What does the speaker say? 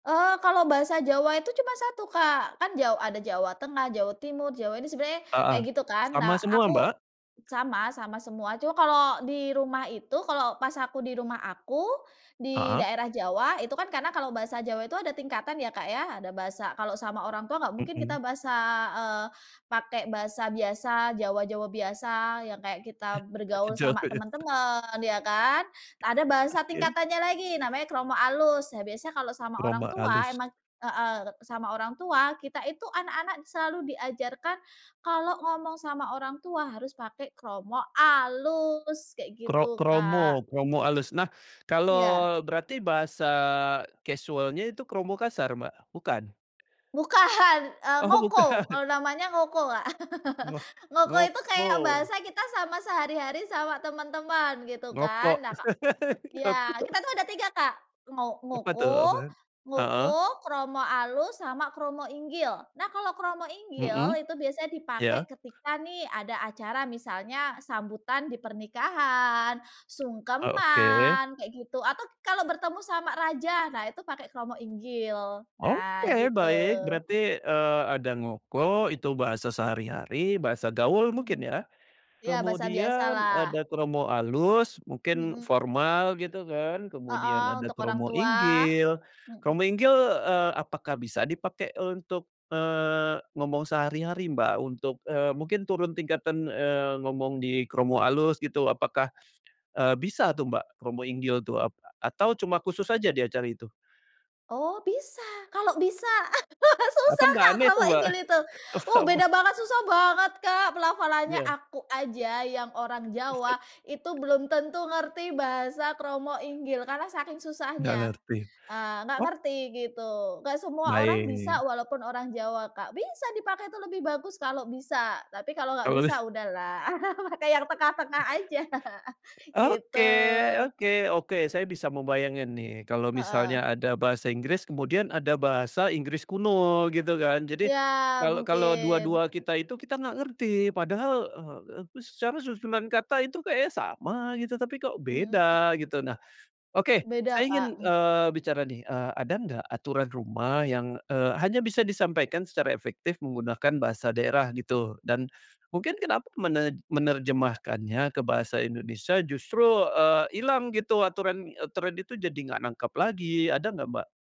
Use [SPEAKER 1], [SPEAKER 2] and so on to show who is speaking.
[SPEAKER 1] Eee, kalau bahasa Jawa itu cuma 1 Kak kan ja ada Jawa Tengah, Jawa Timur, Jawa ini sebenarnya kayak
[SPEAKER 2] Heeh,
[SPEAKER 1] gitu kan
[SPEAKER 2] sama
[SPEAKER 1] nah
[SPEAKER 2] semua,
[SPEAKER 1] aku,
[SPEAKER 2] Mbak?
[SPEAKER 1] sama sama semua cuma kalau di rumah itu kalau pas aku di rumah aku di
[SPEAKER 2] Heeh.
[SPEAKER 1] daerah Jawa itu kan karena kalau bahasa Jawa itu ada tingkatan ya Kak ya ada bahasa kalau sama orang tua nggak mungkin
[SPEAKER 2] Mhm.
[SPEAKER 1] kita bahasa, eee, pakai bahasa biasa Jawa-Jawa biasa yang kayak kita bergaul sama
[SPEAKER 2] [unintelligible]
[SPEAKER 1] temen-temen ya kan ada bahasa
[SPEAKER 2] [unintelligible]
[SPEAKER 1] tingkatannya lagi namanya kromo alus nah biasa kalau sama orang
[SPEAKER 2] Kromo
[SPEAKER 1] tua
[SPEAKER 2] alus.
[SPEAKER 1] emang, heeh, sama orang tua kita itu anak-anak selalu diajarkan, kalau ngomong sama orang tua harus pake kromo alus kayak
[SPEAKER 2] Kro
[SPEAKER 1] gitu, Kak.
[SPEAKER 2] kromo kromo alus nah kalau
[SPEAKER 1] Iya.
[SPEAKER 2] berarti bahasa casualnya itu kromo kasar, Mbak? Bukan?
[SPEAKER 1] Bukan, eee,
[SPEAKER 2] Oh
[SPEAKER 1] ngoko
[SPEAKER 2] bukan.
[SPEAKER 1] kalau namanya ngoko Kak
[SPEAKER 2] Ngo
[SPEAKER 1] ngoko itu kayak
[SPEAKER 2] ngoko.
[SPEAKER 1] bahasa kita sama sehari-hari sama teman-teman gitu
[SPEAKER 2] Ngoko
[SPEAKER 1] kan nah Kak,
[SPEAKER 2] ngoko.
[SPEAKER 1] ya kita tuh ada 3 Kak ngo
[SPEAKER 2] Apa tuh?
[SPEAKER 1] ngoko
[SPEAKER 2] Apaan? Heeh.
[SPEAKER 1] ngoko kromo alus sama kromo inggil nah kalau kromo inggil
[SPEAKER 2] Mhm,
[SPEAKER 1] itu biasanya dipakai
[SPEAKER 2] ya.
[SPEAKER 1] ketika nih ada acara misalnya sambutan di pernikahan,
[SPEAKER 2] Oh oke.
[SPEAKER 1] sungkeman kayak gitu atau kalau bertemu sama raja nah itu pakai kromo inggil nah
[SPEAKER 2] Oke
[SPEAKER 1] gitu.
[SPEAKER 2] baik berarti, eee, ada ngoko itu bahasa sehari-hari bahasa gaul
[SPEAKER 1] Mhm,
[SPEAKER 2] mungkin ya?
[SPEAKER 1] ya bahasa
[SPEAKER 2] Kemudian
[SPEAKER 1] biasalah.
[SPEAKER 2] ada kromo alus mungkin
[SPEAKER 1] Mhm.
[SPEAKER 2] formal gitu kan kemudian
[SPEAKER 1] Heeh,
[SPEAKER 2] ada
[SPEAKER 1] untuk orang
[SPEAKER 2] kromo
[SPEAKER 1] tua,
[SPEAKER 2] inggil kromo
[SPEAKER 1] mhm.
[SPEAKER 2] inggil, eee, apakah bisa dipakai untuk, eee, ngomong sehari-hari, Mbak? Untuk, eee, mungkin turun tingkatan, eee, ngomong di kromo alus gitu apakah, eee, bisa tuh Mbak kromo inggil tuh apa atau cuma khusus aja di acara itu?
[SPEAKER 1] Oh bisa kalau bisa
[SPEAKER 2] Apa
[SPEAKER 1] susah
[SPEAKER 2] nggak
[SPEAKER 1] Kak
[SPEAKER 2] aneh tuh,
[SPEAKER 1] kromo
[SPEAKER 2] Mbak?
[SPEAKER 1] inggil itu, uh,
[SPEAKER 2] [unintelligible]
[SPEAKER 1] beda banget susah banget Kak pelafalannya
[SPEAKER 2] Iya.
[SPEAKER 1] aku aja yang orang Jawa itu belum tentu ngerti bahasa kromo inggil karena saking
[SPEAKER 2] Nggak
[SPEAKER 1] susahnya,
[SPEAKER 2] ngerti
[SPEAKER 1] eee, nggak
[SPEAKER 2] oh.
[SPEAKER 1] ngerti gitu nggak semua orang
[SPEAKER 2] Baik.
[SPEAKER 1] bisa walaupun orang Jawa Kak bisa dipakai itu lebih bagus kalau bisa tapi kalau nggak bisa
[SPEAKER 2] [unintelligible]
[SPEAKER 1] udahlah pakai yang tengah-tengah aja gitu.
[SPEAKER 2] Oke oke oke saya bisa membayangkan nih kalau
[SPEAKER 1] Heeh.
[SPEAKER 2] misalnya ada bahasa Inggris kemudian ada bahasa Inggris kuno gitu kan jadi,
[SPEAKER 1] Iya
[SPEAKER 2] kalau kalau dua
[SPEAKER 1] mungkin.
[SPEAKER 2] dua kita itu kita nggak ngerti padahal, eee, secara susunan kata itu kayaknya sama gitu tapi kok
[SPEAKER 1] Mhm.
[SPEAKER 2] beda gitu nah, oke
[SPEAKER 1] Beda
[SPEAKER 2] saya ingin,
[SPEAKER 1] Kak, mmm.
[SPEAKER 2] eee, bicara nih, eee, ada nggak aturan rumah yang, eee, hanya bisa disampaikan secara efektif menggunakan bahasa daerah gitu dan, mungkin kenapa mene menerjemahkannya ke bahasa Indonesia justru, eee, ilang gitu aturan-aturan itu jadi nggak nangkep lagi ada nggak, Mbak?